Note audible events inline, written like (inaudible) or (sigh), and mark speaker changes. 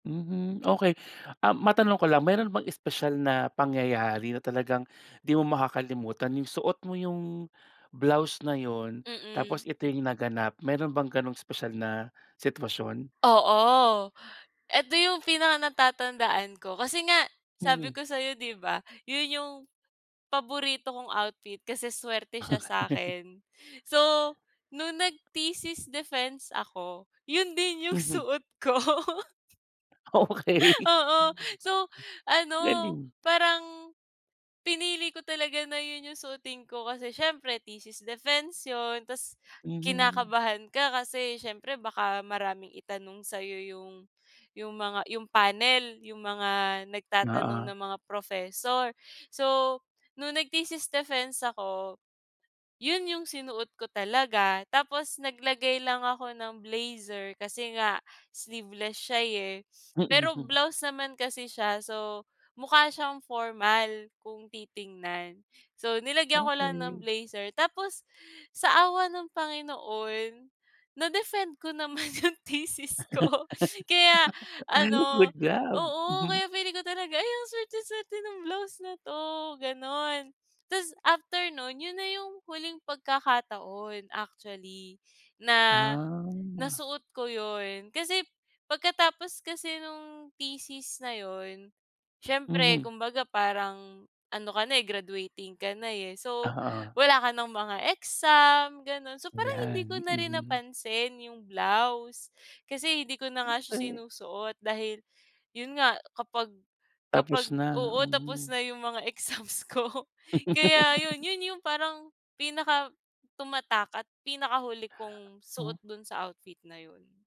Speaker 1: Mhm, okey. Ah matanong ko lang, meron bang espesyal na pangyayari na talagang di mo makakalimutan? 'Yung suot mo 'yung blouse na 'yun tapos
Speaker 2: Mm.
Speaker 1: ito 'yung naganap, meron bang gano'ng espesyal na sitwasyon?
Speaker 2: Oo, eto 'yung pinaka-natatandaan ko, kasi nga
Speaker 1: Mhm.
Speaker 2: sabi ko sa'yo 'di ba, 'yun 'yung paborito kong outfit kasi suwerte siya
Speaker 1: Okey.
Speaker 2: sa'kin. So, nung nag-thesis defense ako, 'yun din 'yung
Speaker 1: Mhm.
Speaker 2: suot ko. (laughs)
Speaker 1: Okey.
Speaker 2: Oo. So ano
Speaker 1: Galing.
Speaker 2: parang, pinili ko talaga na 'yun 'yung suotin ko. Kasi siyempre thesis defense 'yon, 'tas
Speaker 1: Mhm.
Speaker 2: kinakabahan ka kasi siyempre baka maraming itanong sa'yo 'yung 'yung mga 'yung panel, 'yung mga nagtatanong
Speaker 1: Oo.
Speaker 2: na mga professor. So, nung nag-thesis defense ako, 'yun 'yung sinuot ko talaga. Tapos naglagay lang ako ng blazer kasi nga sleeveless siya, eh.
Speaker 1: Mm,
Speaker 2: Pero
Speaker 1: hmm.
Speaker 2: blouse naman kasi siya, so mukha siyang formal kung titingnan. So, nilagyan ko lang
Speaker 1: Okey.
Speaker 2: ng blazer. Tapos, sa awa ng Panginoon na-defend ko naman 'yung thesis ko kaya
Speaker 1: (laughs)
Speaker 2: ano
Speaker 1: Good job,
Speaker 2: oo,
Speaker 1: mhm.
Speaker 2: kaya feeling ko talaga, "Ay, ang suwerte-suwerte ng blouse na 'to," gano'n. 'Tas after no'n, 'yun na 'yung huling pagkakataon actually, na
Speaker 1: Ah.
Speaker 2: nasuot ko 'yun, kasi pagkatapos kasi nung thesis na 'yun, siyempre
Speaker 1: Mhm.
Speaker 2: kumbaga parang ano ka na, eh, graduating ka na, eh, so
Speaker 1: Oo.
Speaker 2: wala ka nang mga exam, gano'n. So parang hindi ko
Speaker 1: Ayan,
Speaker 2: na rin
Speaker 1: mhm.
Speaker 2: napansin 'yung blouse kasi hindi ko na
Speaker 1: Hmm,
Speaker 2: nga siya
Speaker 1: eh.
Speaker 2: sinusuot dahil 'yun nga kapag kapag
Speaker 1: Tapos na,
Speaker 2: oo tapos
Speaker 1: mhm.
Speaker 2: na 'yung mga exams ko. Kaya 'yun,
Speaker 1: (laughs)
Speaker 2: 'yun 'yung parang pinaka-tumatak at pinakahuli kong
Speaker 1: Oh.
Speaker 2: suot dun sa outfit na 'yun.